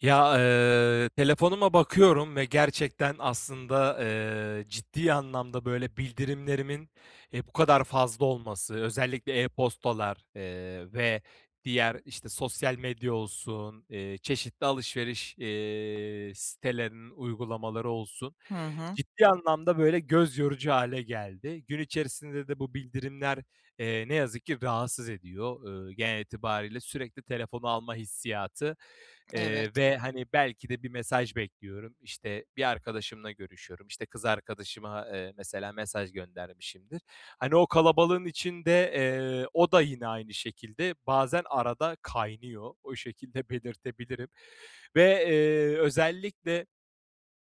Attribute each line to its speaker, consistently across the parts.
Speaker 1: Ya, eee, telefonuma bakıyorum ve gerçekten aslında, eee, ciddi anlamda, böyle, bildirimlerimin, eee, bu kadar fazla olması, özellikle e-postalar, eee, ve diğer, işte, sosyal medya olsun, eee, çeşitli alışveriş, eee, sitelerinin uygulamaları olsun
Speaker 2: Hı hı.
Speaker 1: ciddi anlamda, böyle, göz yorucu hâle geldi. Gün içerisinde de bu bildirimler, eee, ne yazık ki rahatsız ediyor. Eee, genel itibariyle sürekli telefonu alma hissiyatı,
Speaker 2: Evet.
Speaker 1: eee, ve, hani, belki de bir mesaj bekliyorum, işte, bir arkadaşımla görüşüyorum, işte, kız arkadaşıma, eee, mesela mesaj göndermişimdir. Hani, o kalabalığın içinde, eee, o da yine aynı şekilde bazen arada kaynıyor. O şekilde belirtebilirim ve, eee, özellikle,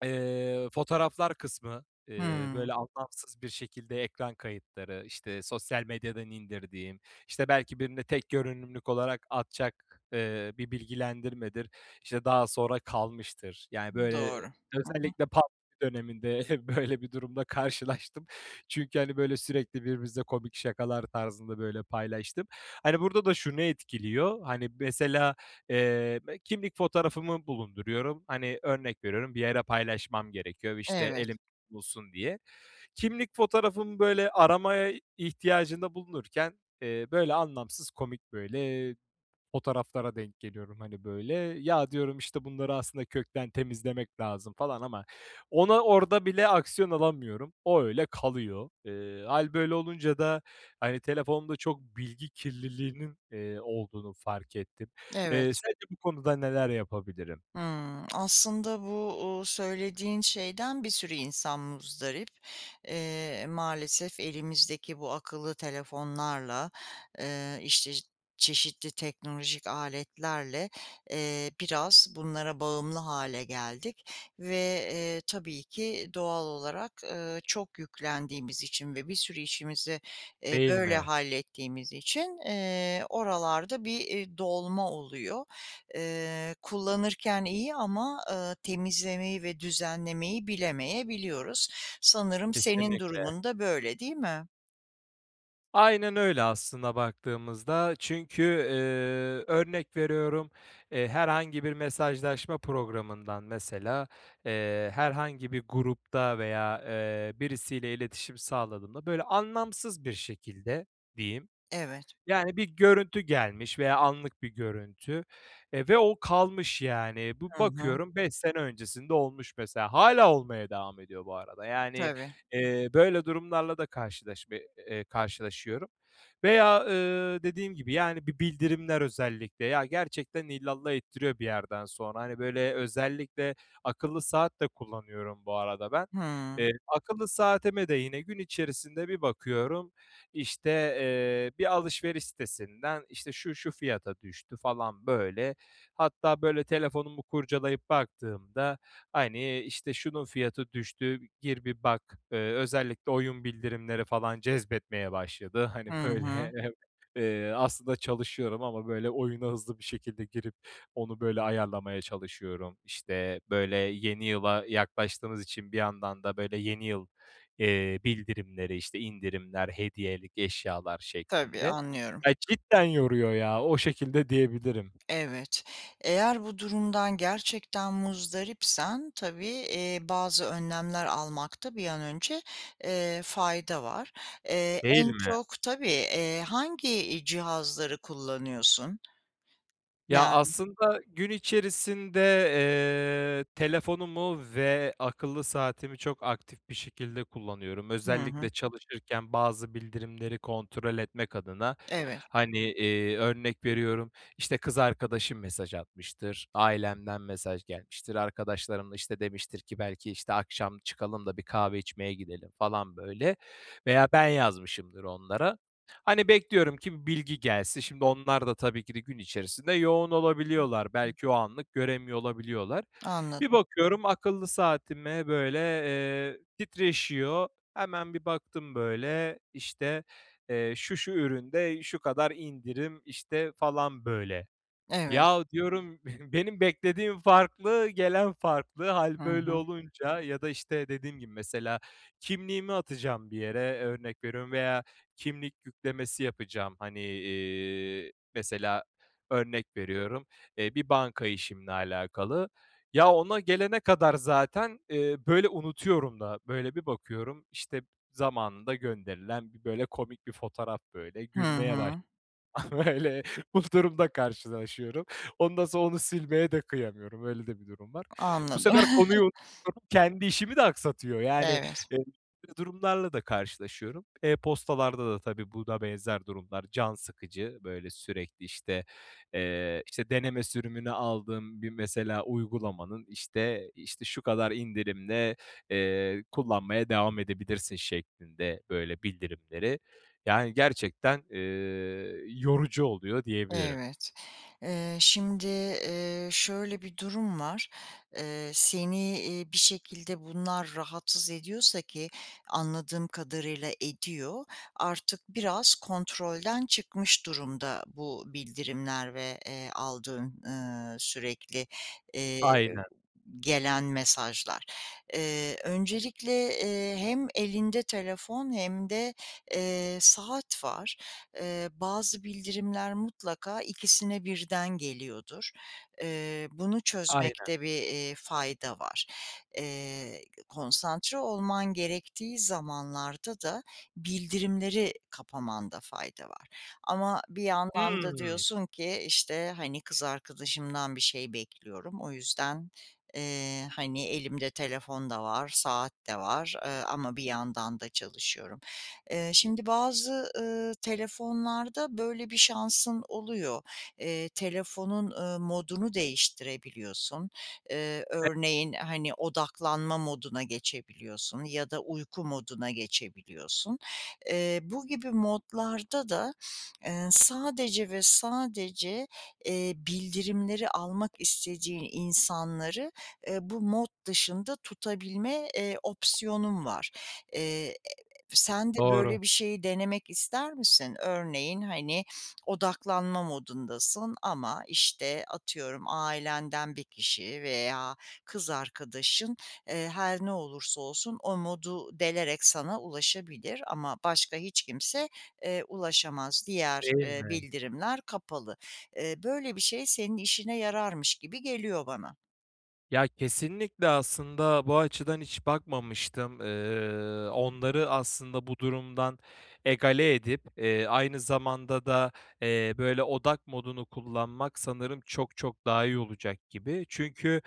Speaker 1: eee, fotoğraflar kısmı, ııı, böyle,
Speaker 2: Hıı.
Speaker 1: anlamsız bir şekilde ekran kayıtları, işte, sosyal medyadan indirdiğim, işte, belki birine tek görünümlük, olarak atacak, eee, bir bilgilendirmedir, işte, daha sonra kalmıştır. Yani,
Speaker 2: Doğru.
Speaker 1: böyle,
Speaker 2: Hı hı.
Speaker 1: özellikle pandemi döneminde böyle, bir durumla karşılaştım. Çünkü, hani, böyle, sürekli birbirimizle komik şakalar tarzında, böyle, paylaştığım. Hani, burada da şunu etkiliyor. Hani, mesela, eee, kimlik fotoğrafımı bulunduruyorum. Hani, örnek veriyorum bir yere paylaşmam gerekiyor, işte,
Speaker 2: Evet.
Speaker 1: elimde bulsun diye. Kimlik fotoğrafımı, böyle, aramaya ihtiyacında bulunurken, eee, böyle, anlamsız komik, böyle, eee, fotoğraflara denk geliyorum, hani, böyle. "Ya" diyorum, işte, "Bunları aslında kökten temizlemek lazım," falan ama ona orada bile aksiyon alamıyorum. O, öyle kalıyor. Eee, hâl, böyle, olunca da, hani, telefonda çok bilgi kirliliğinin, eee, olduğunu fark ettim. Eee,
Speaker 2: Evet.
Speaker 1: sence bu konuda neler yapabilirim?
Speaker 2: Hımm, aslında bu, ııı, söylediğin şeyden bir sürü insan muzdarip. Eee, maalesef elimizdeki bu akıllı telefonlarla, eee, işte, çeşitli teknolojik aletlerle, eee, biraz bunlara bağımlı hâle geldik ve, eee, tabii ki doğal olarak, eee, çok yüklendiğimiz için ve bir sürü işimizi, eee,
Speaker 1: Değil
Speaker 2: böyle
Speaker 1: mi?
Speaker 2: hallettiğimiz için, eee, oralarda bir, eee, dolma oluyor. Eee, kullanırken iyi ama, ııı, temizlemeyi ve düzenlemeyi bilemeyebiliyoruz. Sanırım senin
Speaker 1: Kesinlikle.
Speaker 2: durumun da böyle, değil mi?
Speaker 1: Aynen öyle aslında baktığımızda. Çünkü, eee, örnek veriyorum, eee, herhangi bir mesajlaşma programından mesela, eee, herhangi bir grupta veya, eee, birisiyle iletişim sağladığımda, böyle, anlamsız bir şekilde diyeyim.
Speaker 2: Evet.
Speaker 1: Yani, bir görüntü gelmiş veya anlık bir görüntü. Eee, ve o kalmış yani. Bu
Speaker 2: Hı hı.
Speaker 1: bakıyorum 5 sene öncesinde olmuş mesela. Hâlâ olmaya devam ediyor bu arada. Yani,
Speaker 2: Tabii.
Speaker 1: eee, böyle durumlarla da karşılaşma eee, karşılaşıyorum veya, ııı, dediğim gibi yani bir bildirimler özellikle ya gerçekten illallah ettiriyor bir yerden sonra. Hani, böyle özellikle akıllı saat de kullanıyorum bu arada ben.
Speaker 2: Hıı.
Speaker 1: Eee, akıllı saatime de yine gün içerisinde bir bakıyorum, işte, eee, bir alışveriş sitesinden, işte, şu şu fiyata düştü falan böyle. Hatta böyle telefonumu kurcalayıp baktığımda, hani, işte, şunun fiyatı düştü, gir bir bak. Eee, özellikle oyun bildirimleri falan cezbetmeye başladı. Hani,
Speaker 2: Hı
Speaker 1: böyle,
Speaker 2: hı.
Speaker 1: eee, aslında çalışıyorum ama, böyle, oyuna hızlı bir şekilde girip onu, böyle, ayarlamaya çalışıyorum. İşte, böyle, yeni yıla yaklaştığımız için bir yandan da, böyle, yeni yıl, eee, bildirimleri işte indirimler, hediyelik eşyalar
Speaker 2: Tabii,
Speaker 1: şeklinde.
Speaker 2: anlıyorum.
Speaker 1: Ay, cidden yoruyor ya, o şekilde diyebilirim.
Speaker 2: Evet, eğer bu durumdan gerçekten muzdaripsen tabii, eee, bazı önlemler almakta bir an önce, eee, fayda var. Eee,
Speaker 1: Değil
Speaker 2: en
Speaker 1: mi?
Speaker 2: çok tabii, eee, hangi, iii, cihazları kullanıyorsun?
Speaker 1: Ya,
Speaker 2: Yani
Speaker 1: aslında gün içerisinde, eee, telefonumu ve akıllı saatimi çok aktif bir şekilde kullanıyorum.
Speaker 2: Hı hı.
Speaker 1: Özellikle çalışırken bazı bildirimleri kontrol etmek adın,
Speaker 2: Evet.
Speaker 1: hani, eee, örnek veriyorum işte kız arkadaşım mesaj atmıştır. Ailemden mesaj gelmiştir. Arkadaşlarım da, işte, demiştir ki belki, işte, akşam çıkalım da bir kahve içmeye gidelim falan, böyle, veya ben yazmışımdır onlara. Hani, bekliyorum ki bilgi gelsin. Şimdi onlar da tabii ki de gün içerisinde yoğun olabiliyorlar.
Speaker 2: [unintelligible]
Speaker 1: Belki o anlık göremiyor olabiliyorlar. Bir
Speaker 2: Anladım.
Speaker 1: bakıyorum akıllı saatime böyle, eee, titreşiyor. Hemen bir baktım böyle işte, eee, şu şu üründe şu kadar indirim, işte, falan böyle.
Speaker 2: Evet.
Speaker 1: Yahu diyorum benim beklediğim farklı, gelen farklı. Hâl
Speaker 2: Hı
Speaker 1: böyle
Speaker 2: hı.
Speaker 1: olunca ya da, işte, dediğim gibi mesela kimliğimi atacağım bir yere örnek veriyorum veya kimlik yüklemesi yapacağım, hani, iii, mesela örnek veriyorum, eee, bir banka işimle alakalı. Ya, ona gelene kadar zaten, eee, böyle, unutuyorum da. Böyle, bir bakıyorum, işte, zamanında gönderilen bir böyle komik bir fotoğraf böyle
Speaker 2: Hı
Speaker 1: gülmeye
Speaker 2: hı.
Speaker 1: başlıyorum. Böyle, bu durumla karşılaşıyorum. Ondan sonra onu silmeye de kıyamıyorum. Öyle de bir durum var. Bu
Speaker 2: Anladım.
Speaker 1: sefer konuyu unutuyorum. Kendi işimi de aksatıyor. Yani,
Speaker 2: Evet.
Speaker 1: böyle durumlarla da karşılaşıyorum. E-postalarda da tabii, buna benzer durumlar can sıkıcı. Böyle, sürekli, işte, eee, deneme sürümünü aldığım bir mesela uygulamanın, işte, işte, şu kadar indirimde, eee, kullanmaya devam edebilirsin şeklinde, böyle, bildirimleri. Yani, gerçekten, eee, yorucu oluyor diyebilirim.
Speaker 2: Evet, eee, şimdi, eee, şöyle bir durum var. Eee, seni, iii, bir şekilde bunlar rahatsız ediyorsa ki anladığım kadarıyla ediyor, artık biraz kontrolden çıkmış durumda bu bildirimler ve, eee, aldığın, ııı, sürekli, eee,
Speaker 1: Aynen.
Speaker 2: gelen mesajlar. Eee, öncelikle, eee, hem elinde telefon hem de, eee, saat var. Eee, bazı bildirimler mutlaka ikisine birden geliyordur. Eee, bunu
Speaker 1: Aynen.
Speaker 2: çözmekte bir, iii, fayda var. Eee, konsantre olman gerektiği zamanlarda da bildirimleri kapamanda fayda var ama bir yandan da
Speaker 1: Hımm.
Speaker 2: diyorsun ki, işte, hani, kız arkadaşımdan bir şey bekliyorum, o yüzden, eee, hani, elimde telefon da var, saat de var, eee, ama bir yandan da çalışıyorum. Eee, şimdi bazı, ııı, telefonlarda böyle bir şansın oluyor. Eee, telefonun, eee, modunu değiştirebiliyorsun. Eee,
Speaker 1: [unintelligible]
Speaker 2: örneğin, hani, odaklanma moduna geçebiliyorsun ya da uyku moduna geçebiliyorsun. Eee, bu gibi modlarda da, eee, sadece ve sadece, eee, bildirimleri almak istediğin insanları, eee, bu mod dışında tutabilme, eee, opsiyonun var. Eee, sen de
Speaker 1: Doğru.
Speaker 2: böyle bir şeyi denemek ister misin? Örneğin, hani, odaklanma modundasın ama, işte, atıyorum, ailenden 1 kişi veya kız arkadaşın, eee, her ne olursa olsun o modu delerek sana ulaşabilir ama başka hiç kimse, eee, ulaşamaz. Diğer,
Speaker 1: Değil
Speaker 2: eee,
Speaker 1: mi?
Speaker 2: bildirimler kapalı. Eee, böyle bir şey senin işine yararmış gibi geliyor bana.
Speaker 1: Ya, kesinlikle aslında bu açıdan hiç bakmamıştım. Eee, onları aslında bu durumdan egale edip, eee, aynı zamanda da, eee, böyle odak modunu kullanmak sanırım çok çok daha iyi olacak gibi. Çünkü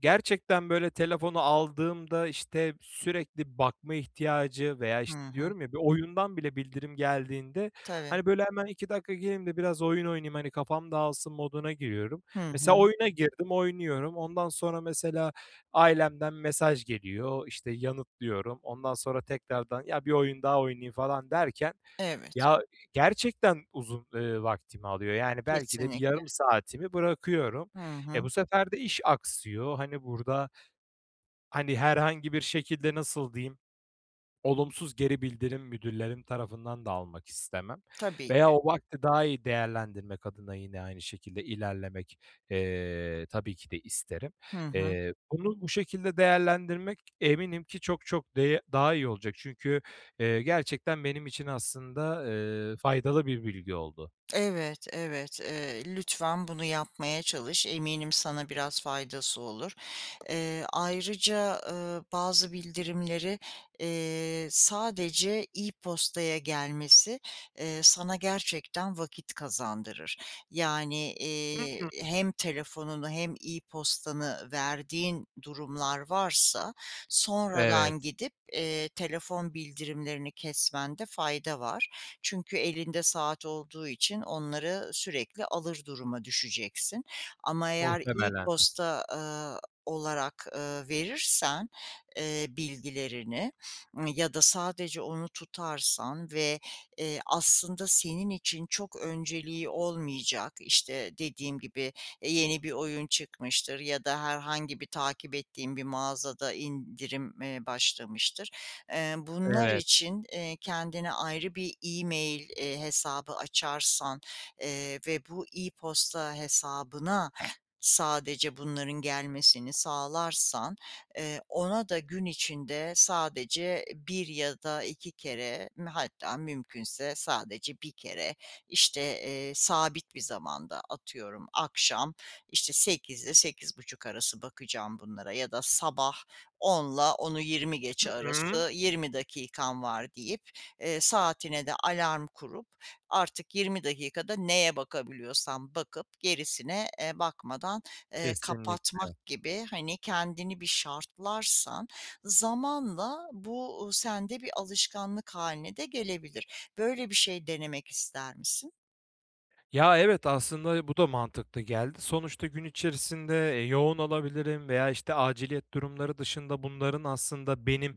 Speaker 1: gerçekten böyle telefonu aldığımda, işte, sürekli bakma ihtiyacı veya,
Speaker 2: Hı
Speaker 1: işte,
Speaker 2: hı.
Speaker 1: diyorum ya bir oyundan bile bildirim geldiğinde,
Speaker 2: Tabii.
Speaker 1: hani, böyle hemen 2 dakika gireyim de biraz oyun oynayayım hani kafam dağılsın moduna giriyorum.
Speaker 2: Hı
Speaker 1: Mesela
Speaker 2: hı.
Speaker 1: oyuna girdim, oynuyorum. Ondan sonra mesela ailemden mesaj geliyor, işte, yanıtlıyorum. Ondan sonra tekrardan ya bir oyun daha oynayayım falan derken
Speaker 2: Evet.
Speaker 1: ya gerçekten uzun, eee, vaktimi alıyor. Yani, belki de bir
Speaker 2: Kesinlikle.
Speaker 1: yarım saatimi bırakıyorum.
Speaker 2: Hı
Speaker 1: Eee,
Speaker 2: hı.
Speaker 1: bu sefer de iş aksıyor. Hani, burada hani, herhangi bir şekilde nasıl diyeyim, olumsuz geri bildirim müdürlerim tarafından da almak istemem.
Speaker 2: Tabii
Speaker 1: Veya
Speaker 2: ki.
Speaker 1: o vakti daha iyi değerlendirmek adına yine aynı şekilde ilerlemek, eee, tabii ki de isterim.
Speaker 2: Hı hı.
Speaker 1: Eee, bunu bu şekilde değerlendirmek eminim ki çok çok de daha iyi olacak. Çünkü, eee, gerçekten benim için aslında, eee, faydalı bir bilgi oldu.
Speaker 2: Evet, evet. Eee, lütfen bunu yapmaya çalış. Eminim sana biraz faydası olur. Eee, ayrıca, eee, bazı bildirimleri, eee, sadece e-postaya gelmesi, eee, sana gerçekten vakit kazandırır. Yani, eee,
Speaker 1: [unintelligible]
Speaker 2: hem telefonunu hem e-postanı verdiğin durumlar varsa sonradan
Speaker 1: Evet.
Speaker 2: gidip, eee, telefon bildirimlerini kesmende fayda var. Çünkü elinde saat olduğu için onları sürekli alır duruma düşeceksin. Ama eğer
Speaker 1: Muhtemelen.
Speaker 2: e-posta, eee, olarak, eee, verirsen, eee, bilgilerini ya da sadece onu tutarsan ve, eee, aslında senin için çok önceliği olmayacak, işte, dediğim gibi, eee, yeni bir oyun çıkmıştır ya da herhangi bir takip ettiğin bir mağazada indirim, eee, başlamıştır. Eee, bunlar
Speaker 1: Evet.
Speaker 2: için, eee, kendine ayrı bir e-mail, eee, hesabı açarsan, eee, ve bu e-posta hesabına sadece bunların gelmesini sağlarsan, eee, ona da gün içinde sadece 1 ya da 2 kere m hatta mümkünse sadece 1 kere, işte, eee, sabit bir zamanda atıyorum, akşam, işte, 20.00'de 20.30 arası bakacağım bunlara ya da sabah onla onu yirmi
Speaker 1: Hı
Speaker 2: geçe
Speaker 1: hı.
Speaker 2: arası 20 dakikam var deyip, eee, saatine de alarm kurup artık 20 dakikada neye bakabiliyorsan bakıp gerisine, eee, bakmadan, eee,
Speaker 1: Kesinlikle.
Speaker 2: kapatmak gibi, hani, kendini bir şartlarsan zamanla bu sende bir alışkanlık hâline de gelebilir. Böyle bir şey denemek ister misin?
Speaker 1: Ya, evet, aslında bu da mantıklı geldi. Sonuçta gün içerisinde, eee, yoğun olabilirim veya, işte, aciliyet durumları dışında bunların aslında benim,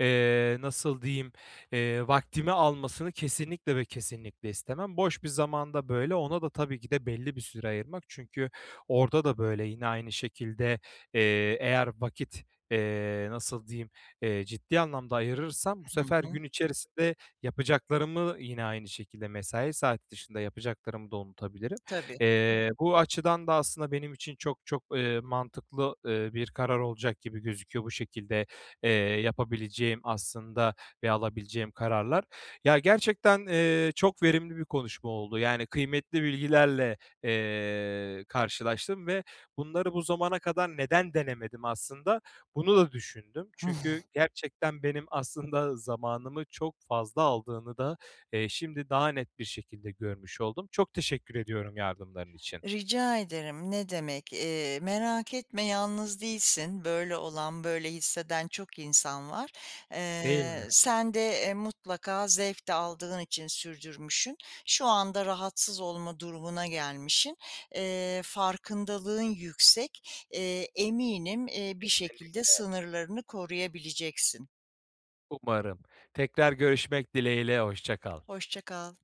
Speaker 1: eee, nasıl diyeyim, eee, vaktimi almasını kesinlikle ve kesinlikle istemem. Boş bir zamanda, böyle ona da tabii ki de belli bir süre ayırmak çünkü orada da, böyle, yine aynı şekilde, eee, eğer vakit, eee, nasıl diyeyim, eee, ciddi anlamda ayırırsam bu
Speaker 2: Hı
Speaker 1: sefer
Speaker 2: hı.
Speaker 1: gün içerisinde yapacaklarımı yine aynı şekilde mesai saati dışında yapacaklarımı da unutabilirim.
Speaker 2: Tabii.
Speaker 1: Eee, bu açıdan da aslında benim için çok çok, eee, mantıklı, eee, bir karar olacak gibi gözüküyor bu şekilde, eee, yapabileceğim aslında ve alabileceğim kararlar. Ya, gerçekten, ııı, çok verimli bir konuşma oldu. Yani, kıymetli bilgilerle, eee, karşılaştım ve bunları bu zamana kadar neden denemedim aslında bunu da düşündüm. Çünkü gerçekten benim aslında zamanımı çok fazla aldığını da, eee, şimdi daha net bir şekilde görmüş oldum. Çok teşekkür ediyorum yardımların için.
Speaker 2: Rica ederim, ne demek. Eee, merak etme, yalnız değilsin. Böyle olan, böyle hisseden çok insan var.
Speaker 1: Değil mi?
Speaker 2: Eee, sen de, eee, mutlaka zevk de aldığın için sürdürmüşsün. Şu anda rahatsız olma durumuna gelmişsin. Eee, farkındalığın yüksek. Iıı, eminim, eee, bir
Speaker 1: Kesinlikle.
Speaker 2: şekilde sınırlarını koruyabileceksin.
Speaker 1: Umarım. Tekrar görüşmek dileğiyle, hoşça kal.
Speaker 2: Hoşça kal.